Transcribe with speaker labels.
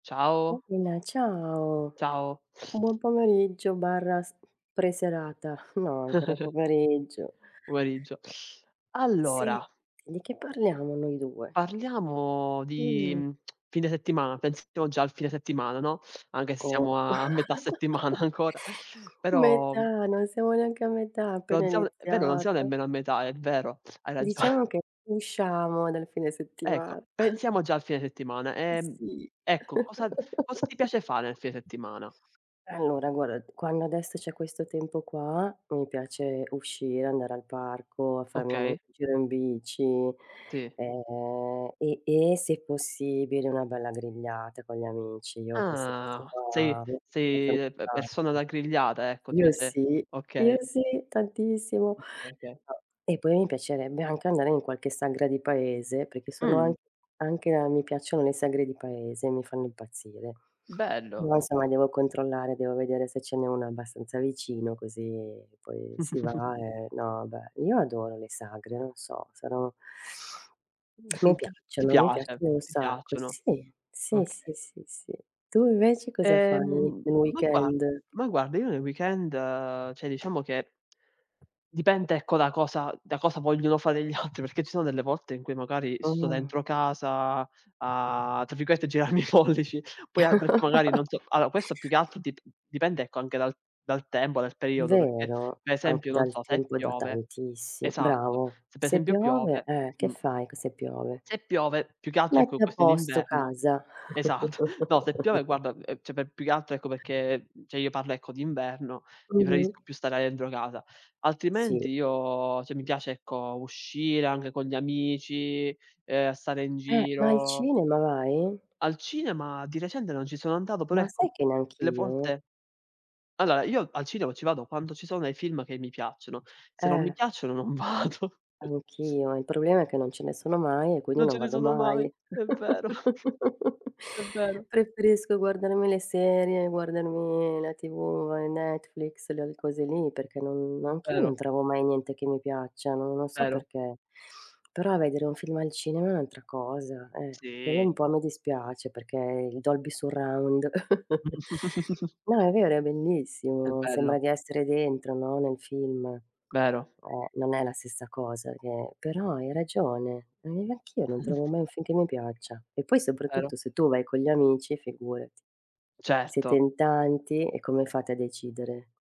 Speaker 1: Ciao.
Speaker 2: Uh, ma ciao,
Speaker 1: Ciao.
Speaker 2: buon pomeriggio/s pre-serata. No ancora pomeriggio.
Speaker 1: Pomeriggio.
Speaker 2: Sì,
Speaker 1: Allora
Speaker 2: di che parliamo noi 2?
Speaker 1: Parliamo di
Speaker 2: Mh.
Speaker 1: fine settimana, pensiamo già al fine settimana, no, anche se siamo
Speaker 2: Co
Speaker 1: a metà settimana ancora, però
Speaker 2: metà, non siamo neanche a metà, appena
Speaker 1: Non sia è vero non siamo
Speaker 2: iniziata.
Speaker 1: nemmeno a metà, è vero, hai ragione.
Speaker 2: Diciamo che usciamo nel fine
Speaker 1: Ecco,
Speaker 2: settima
Speaker 1: pensiamo già al fine settimana. Ehm,
Speaker 2: Sì.
Speaker 1: ecco, cosa cosa ti piace fare nel fine settimana?
Speaker 2: Allora guarda, quando adesso c'è questo tempo qua, mi piace uscire, andare al parco a farmi una un
Speaker 1: Okay.
Speaker 2: giro in bici,
Speaker 1: Tì.
Speaker 2: ehm, e e se possibile, una bella grigliata con gli amici. Io queste queste
Speaker 1: Ah. Sei
Speaker 2: qua, mi
Speaker 1: sei,
Speaker 2: piacciono
Speaker 1: uhm, pe persona da
Speaker 2: tanto.
Speaker 1: grigliata ecco, ti
Speaker 2: Io
Speaker 1: piace
Speaker 2: sì, io
Speaker 1: Okay.
Speaker 2: sì tantissimo
Speaker 1: Okay, oka
Speaker 2: [unintelligible] e poi mi piacerebbe anche andare in qualche sagra di paese, perché sono an
Speaker 1: Mh.
Speaker 2: anche a mi piacciono le sagre di paese, mi fanno impazzire.
Speaker 1: Bello.
Speaker 2: [unintelligible] insomma devo controllare, devo vedere se ce n'è uno abbastanza vicino così poi si va e no, beh io adoro le sagre, non so, sono mi
Speaker 1: Ti ti
Speaker 2: piacciono, mi
Speaker 1: piace,
Speaker 2: piacciono un
Speaker 1: ti
Speaker 2: sacco.
Speaker 1: piacciono,
Speaker 2: Sì, sì, sì,
Speaker 1: okay.
Speaker 2: sì, sì. Tu invece cosa fai nel
Speaker 1: Ehm,
Speaker 2: nel
Speaker 1: ma gua
Speaker 2: weekend?
Speaker 1: ma guarda, io nei weekend, cioè, diciamo che dipende, ecco, da cosa da cosa vogliono fare gli altri, perché ci sono delle volte in cui magari sto
Speaker 2: Ah.
Speaker 1: dentro casa a tra virgolette, "girarmi i pollici," poi [unintelligible] perché magari non so alla questo più che altro dip dipende ecco anche dal dal tempo, dal periodo perché
Speaker 2: Vero?
Speaker 1: per esempio,
Speaker 2: Anche
Speaker 1: non
Speaker 2: dal
Speaker 1: so, se
Speaker 2: tempo da
Speaker 1: piove
Speaker 2: tantissi
Speaker 1: esatto,
Speaker 2: bravo.
Speaker 1: se per
Speaker 2: Se
Speaker 1: esempio
Speaker 2: piove
Speaker 1: piove
Speaker 2: eh, che
Speaker 1: mh,
Speaker 2: fai che se piove?
Speaker 1: se piove più che altro ecco
Speaker 2: Metti a
Speaker 1: questo in
Speaker 2: posto
Speaker 1: inverno
Speaker 2: casa.
Speaker 1: esatto. No, se piove guarda, uhm, cioè per più che altro ecco perché cioè, io parlo ecco d'inverno, lì
Speaker 2: Mh-mh.
Speaker 1: preferisco più stare dentro casa.
Speaker 2: Sì.
Speaker 1: Altrimenti io cioè, mi piace, ecco, uscire anche con gli amici, uhm, stare in
Speaker 2: Eh, ma al
Speaker 1: giro
Speaker 2: cinema vai?
Speaker 1: Al cinema di recente non ci sono andato, però
Speaker 2: Ma sai
Speaker 1: ecco,
Speaker 2: che
Speaker 1: delle
Speaker 2: neanch'io?
Speaker 1: volte allora, io al cinema ci vado quando ci sono dei film che mi piacciono, se non mi
Speaker 2: Eh.
Speaker 1: piacciono non vado.
Speaker 2: Anch'io, il problema è che non ce ne sono mai e quindi
Speaker 1: Non ce
Speaker 2: non
Speaker 1: ne
Speaker 2: vado
Speaker 1: sono mai,
Speaker 2: mai.
Speaker 1: è vero. È vero.
Speaker 2: Preferisco guardarmi le serie, guardarmi la tv, uhm, Netflix, l le cose lì, perché non anch'io non
Speaker 1: Vero.
Speaker 2: trovo mai niente che mi piaccia, n non so
Speaker 1: Vero.
Speaker 2: perché, però vedere un film al cinema è un'altra cosa, eh, quello
Speaker 1: Sì.
Speaker 2: un po' mi dispiace perché il Dolby surround no, è vero, è
Speaker 1: È
Speaker 2: bellissimo.
Speaker 1: bello.
Speaker 2: Sembra di essere dentro, no, nel film.
Speaker 1: Vero.
Speaker 2: Eh, non è la stessa cosa che però hai ragione. Ma neanche io non trovo mai un film che mi piaccia. E poi
Speaker 1: Vero.
Speaker 2: soprattutto se tu vai con gli amici figurati, siete
Speaker 1: Certo.
Speaker 2: in tanti e come fate a decidere?